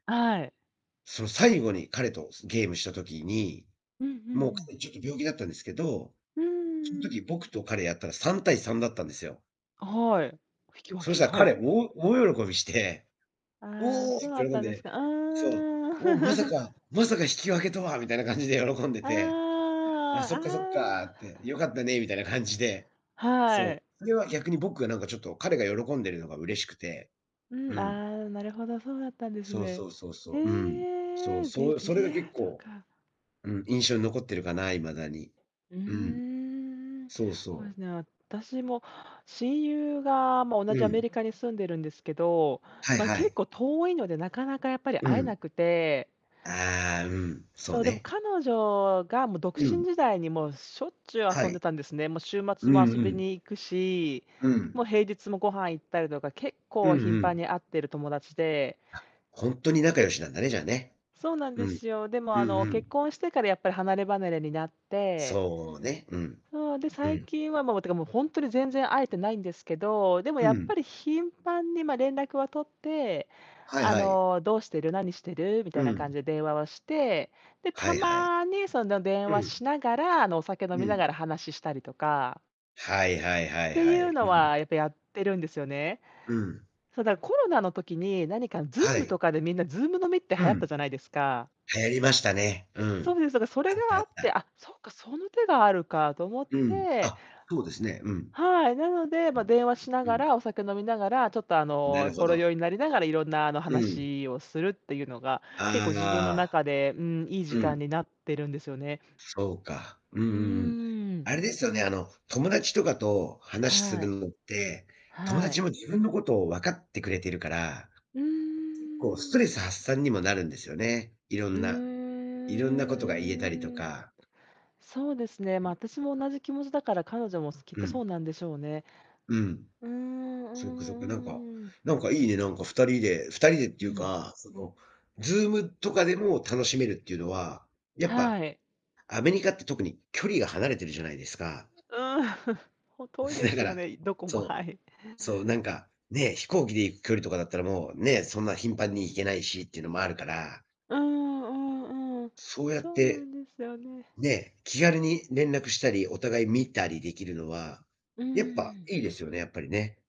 あい。その、最後に彼と、そゲームした時に、うんうんもううん。彼ちょっと病気だったんですけど、うーそん時ん。僕と彼やったら、3対3だったんですよ。あ、はい。引き分そしけ、たらはい。彼、大大喜びしてああ、「おお！」え、そうっだて喜ったんんですで、か。あいそう「おお、まさあ。か、まさか引き分けとは」みたいな感じで喜んでて。あ、あそっか、そっあ、ああかって、よかったねみたいな感じでそはう。い。それは逆に僕がなんかちょっと彼が喜んでるのが嬉しくて。ううん、ん。ああ、なるほど、そうだったんですそうね。そうそうそう。うん、そへう、え、ビそビそれリがヤー結ド構、か。うん、印象に残ってるかな、いまだに。うーうん。ん、そうほそえう。すね、私も親友が、まあ、同うじアメん。リカに住んでるんですけど、はいまあ、は結い。構遠いので、なかなかやっぱりう会えん。なくてああ、うん、そそうう、でもね。彼女がもう独う身ん。時代に、もうしょっちゅうは遊んでい。たんですね。もう週う末も遊んうびん。に行くし、うん。もう平日もご飯行ったりとか、結うん構う頻繁ん。に会ってる友達であ、ほんとに仲良しなんだね、じゃあね。そうなんうでん。すよ。でも、うあんの、う結ん。婚してからやっぱり離れ離れになってそう、ね。うん。そう、で、う最ん。近はもうってかもうほんとに全然会えてないんですけど、でもうやっん。ぱり頻繁に、まあ、連絡は取って、はいあはい。の「どうしてる、何してる？」みたいうな感ん。じ電話はして、で、はたいはい。まにその電う話ん。しながら、あの、お酒飲うみなん。がら話ししたりとかはいはいはっいてはいうい。のうん。は、やっぱやってるんですよね。うん。そうだ、コロナの時に、何かは Zoom い。とかでみんな Zoom 飲みってう流行ったん。じゃないですか？流行りましたね。うそん。うです。だから、それあっがた、あっあって、た。あ、そうか、その手があるかと思っうん。てあ、そうですね。うん。はい、なので、うま、ん、電話しなうがん。ら、お酒飲みながら、ちょっと、あなの、るほほろど。酔いになりながら、いろんなあの、うん。話をするっていうのが、結構自分のああ。中で、うーん、いい時う間ん。になってるんですよね。そうか。うんううんうん。ーん。あれですよね、あの、友達とかと話すはるい。のって、友はい。達も自分のことを分かってくれてるから、うけっこうスートん。レス発散にもなるんですよね。いろうんないろんなことが言えたりとーん。か。そうですね、うま、ん。私も同じ気持ちだから、彼女もすきっうとそん。うなんでしょうね。うん。うん、うそっかそっか。なんかん、うん。なんかいいね、なんか二人で二人でっうていうん。か、その、Zoom とかでも楽しめるっていうのは、やっぱはい。アメリカって特に距離が離れてるじゃないですか？うん、ほ、遠いで だすかよらね、いどこも、そはう、い。そうなんか、ね、飛行機で行く距離とかだったらもう、ね、そんな頻繁に行けないしっていうのもあるから。うん、うん、うん、そうやっそうなて、んですよね。ね、気軽に連絡したり、お互い見たりできるのは、うやっぱん。いいですよね、やっぱりね。